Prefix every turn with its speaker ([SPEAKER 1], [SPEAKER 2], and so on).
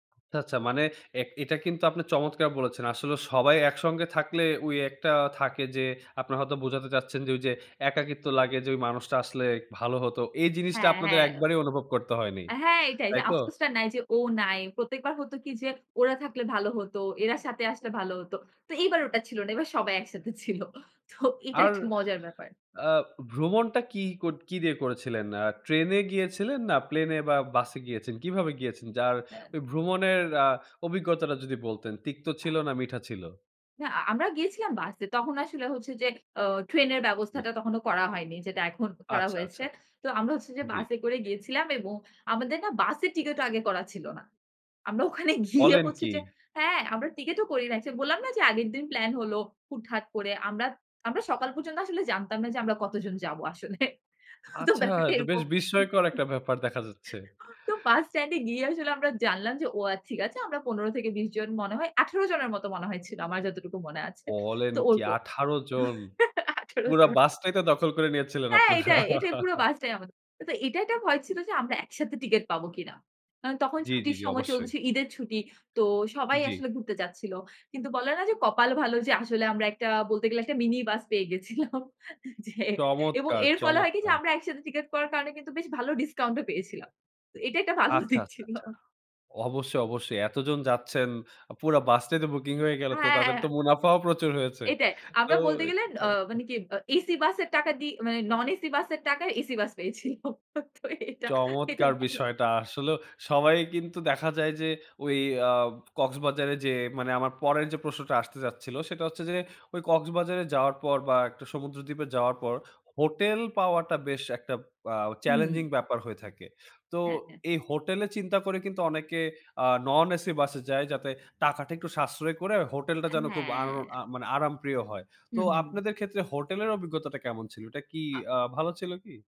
[SPEAKER 1] আচ্ছা, আচ্ছা মানে এ এটা কিন্তু আপনি চমৎকার বলেছেন। আসলে সবাই একসঙ্গে থাকলে ওই একটা থাকে যে, আপনা হয়তো বোঝাতে চাচ্ছেন যে, ওই যে একাকিত্ব লাগে যে মানুষটা আসলে ভালো হতো, এই জিনিসটা
[SPEAKER 2] হ্যাঁ,
[SPEAKER 1] আপনাদের
[SPEAKER 2] হ্যাঁ।
[SPEAKER 1] একবারেই অনুভব করতে হয়নি।
[SPEAKER 2] হ্যাঁ, এইটাই যে,
[SPEAKER 1] তাইতো?
[SPEAKER 2] আফসোসটা নাই যে ও নাই। প্রত্যেকবার হতো কি যে, ওরা থাকলে ভাল হত। এরা সাথে আসলে ভালো হত। তো এইবার ওটা ছিল না। এবার সবাই একসাথে ছিল। তো এটা
[SPEAKER 1] আর,
[SPEAKER 2] একটা মজার ব্যাপার।
[SPEAKER 1] অ্যা ভ্রমণটা কি কত কি দিয়ে করেছিলেন? আ ট্রেন এ গিয়েছিলেন না প্লেনে বা বাসে গিয়েছেন? কিভাবে গিয়েছেন যার ওই ভ্রমনের অ্যা অভিজ্ঞতাটা যদি বলতেন তিক্ত
[SPEAKER 2] আ।
[SPEAKER 1] ছিল না মিঠা ছিল?
[SPEAKER 2] না, আ আমরা গিয়েছিলাম বাসে। তখন আসলে হচ্ছে যে, অ ট্রেনের
[SPEAKER 1] জি।
[SPEAKER 2] ব্যবস্থাটা তখনো করা হয়নি। যেটা এখন করা
[SPEAKER 1] আচ্ছা,
[SPEAKER 2] হয়েছে।
[SPEAKER 1] আচ্ছা।
[SPEAKER 2] তো আমরা হচ্ছে যে,
[SPEAKER 1] জি।
[SPEAKER 2] বাসে করে গিয়েছিলাম এবং আমাদের না বাসের টিকেটও আগে করা ছিল না। আমরা ওখানে গিয়ে
[SPEAKER 1] বলেন
[SPEAKER 2] হচ্ছে
[SPEAKER 1] কী?
[SPEAKER 2] যে, হ্যাঁ আমরা টিকেট ও করি নাই। বললাম না যে আগের দিন প্লান হল, হুট-হাট করে। আমরা, আমরা সকাল পর্যন্ত আসলে জানতাম না যে, আমরা কতজন যাবো আসলে। তো
[SPEAKER 1] আচ্ছা এ
[SPEAKER 2] ব্যাপারটা
[SPEAKER 1] তো বেশ
[SPEAKER 2] এরকম। হুম, হুম।
[SPEAKER 1] বিস্ময়কর একটা ব্যাপার দেখা যাচ্ছে।
[SPEAKER 2] তো বাস স্ট্যান্ডে গিয়ে আসলে আমরা জানলাম যে ও আচ্ছা ঠিক আছে। আমরা ১৫ থেকে ২০ জন মনে হয়, ১৮ জনের মতো মনে হয়েছিল। আমার যতটুকু মনে আছে।
[SPEAKER 1] বলেন
[SPEAKER 2] তো
[SPEAKER 1] কি
[SPEAKER 2] ওরকম।
[SPEAKER 1] ১৮ জন।
[SPEAKER 2] ১৮
[SPEAKER 1] পুরা
[SPEAKER 2] জন।
[SPEAKER 1] বাসটাই তো দখল করে নিয়েছিলেন
[SPEAKER 2] হ্যাঁ,
[SPEAKER 1] আপনারা।
[SPEAKER 2] এটাই, এটাই পুরো বাসটাই আমাদের। তো এটা একটা ভয় ছিল যে আমরা একসাথে টিকেট পাবো কিনা? কারণ তখন
[SPEAKER 1] জি, জি,
[SPEAKER 2] ছুটির
[SPEAKER 1] জি
[SPEAKER 2] সময়
[SPEAKER 1] অবশ্যই।
[SPEAKER 2] চলতেছে ঈদের ছুটি। তো সবাই
[SPEAKER 1] জি।
[SPEAKER 2] আসলে ঘুরতে যাচ্ছিল। কিন্তু বলা না যে কপাল ভালো যে আসলে আমরা একটা বলতে গেলে একটা মিনি বাস পেয়ে গেছিলাম, জি। এবং
[SPEAKER 1] চমৎকার,
[SPEAKER 2] এর ফলে হয় কি যে
[SPEAKER 1] চমৎকার।
[SPEAKER 2] আমরা একসাথে টিকেট করার কারণে কিন্তু বেশ ভালো ডিসকাউন্ট ও পেয়েছিলাম। তো এটা একটা ভালো
[SPEAKER 1] আচ্ছা,
[SPEAKER 2] দিক
[SPEAKER 1] আচ্ছা,
[SPEAKER 2] ছিল।
[SPEAKER 1] আচ্ছা। অবশ্যই, অবশ্যই। এতজন যাচ্ছেন, পুরা বাস টাই তো বুকিং হয়ে গেল তো তাদের তো
[SPEAKER 2] হ্যাঁ।
[SPEAKER 1] মুনাফাও প্রচুর হয়েছে।
[SPEAKER 2] এটাই।
[SPEAKER 1] তো
[SPEAKER 2] আমরা বলতে গেলে
[SPEAKER 1] এটা
[SPEAKER 2] অ
[SPEAKER 1] চমৎকার।
[SPEAKER 2] মানে কি এসি বাসের টাকা দিয়ে, মানে নন এসি বাসের টাকায় এসি বাস পেয়েছিলাম। তো এটা, এটা
[SPEAKER 1] চমৎকার
[SPEAKER 2] ভালো।
[SPEAKER 1] বিষয়টা। আসলে সবাই কিন্তু দেখা যায় যে, ঐ অ্যা কক্সবাজারে যেয়ে, মানে আমার পরের যে প্রশ্নটা আসতে যাচ্ছিলো সেটা হচ্ছে যে, ওই কক্সবাজারে যাওয়ার পর বা সমুদ্রদ্বীপে যাওয়ার পর হোটেল পাওয়াটা বেশ একটা অ্যা চ্যালেঞ্জিং
[SPEAKER 2] হুম।
[SPEAKER 1] ব্যাপার হয়ে থাকে। তো
[SPEAKER 2] হ্যাঁ, হ্যাঁ।
[SPEAKER 1] এই হোটেলে চিন্তা করে কিন্তু অনেকে আ নন এসি বাসে যায় যাতে টাকাটা একটু সাশ্রয় করে হোটেলটা যেন খুব
[SPEAKER 2] হ্যাঁ।
[SPEAKER 1] আরো মানে আরামপ্রিয় হয়। তো
[SPEAKER 2] হুম, হুম।
[SPEAKER 1] আপনাদের ক্ষেত্রে হোটেলের অভিজ্ঞতাটা কেমন ছিল? এটা কি
[SPEAKER 2] আ।
[SPEAKER 1] আ ভালো ছিল কি?